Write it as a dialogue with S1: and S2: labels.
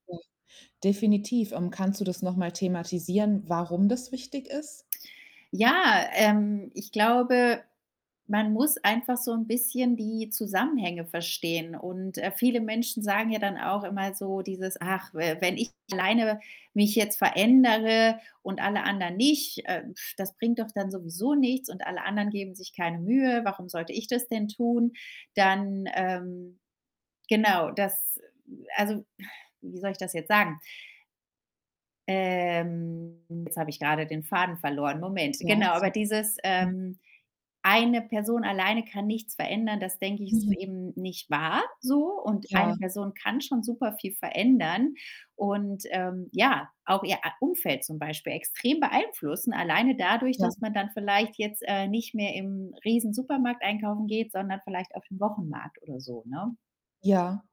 S1: Mhm. Definitiv. Ähm, kannst du das noch mal thematisieren, warum das wichtig ist?
S2: Ja, ähm, ich glaube, man muss einfach so 'n bisschen die Zusammenhänge verstehen. Und, äh, viele Menschen sagen ja dann auch immer so dieses: „Ach, we wenn ich alleine mich jetzt verändere und alle anderen nicht, äh, das bringt doch dann sowieso nichts und alle anderen geben sich keine Mühe. Warum sollte ich das denn tun?“ Dann, ähm, genau, das also, wie soll ich das jetzt sagen? Ähm, jetzt habe ich grade den Faden verloren. Moment,
S1: Ja,
S2: genau. Aber
S1: also,
S2: dieses,
S1: mhm.
S2: ähm: „1 Person alleine kann nichts verändern,“ das denke ich, ist
S1: Mhm.
S2: eben nicht wahr so. Und 1
S1: Ja.
S2: Person kann schon super viel verändern und, ähm, ja, auch ihr a Umfeld zum Beispiel extrem beeinflussen, alleine dadurch,
S1: Ja.
S2: dass man dann vielleicht jetzt, äh, nicht mehr im Riesensupermarkt einkaufen geht, sondern vielleicht auf den Wochenmarkt oder so, ne?
S1: Ja.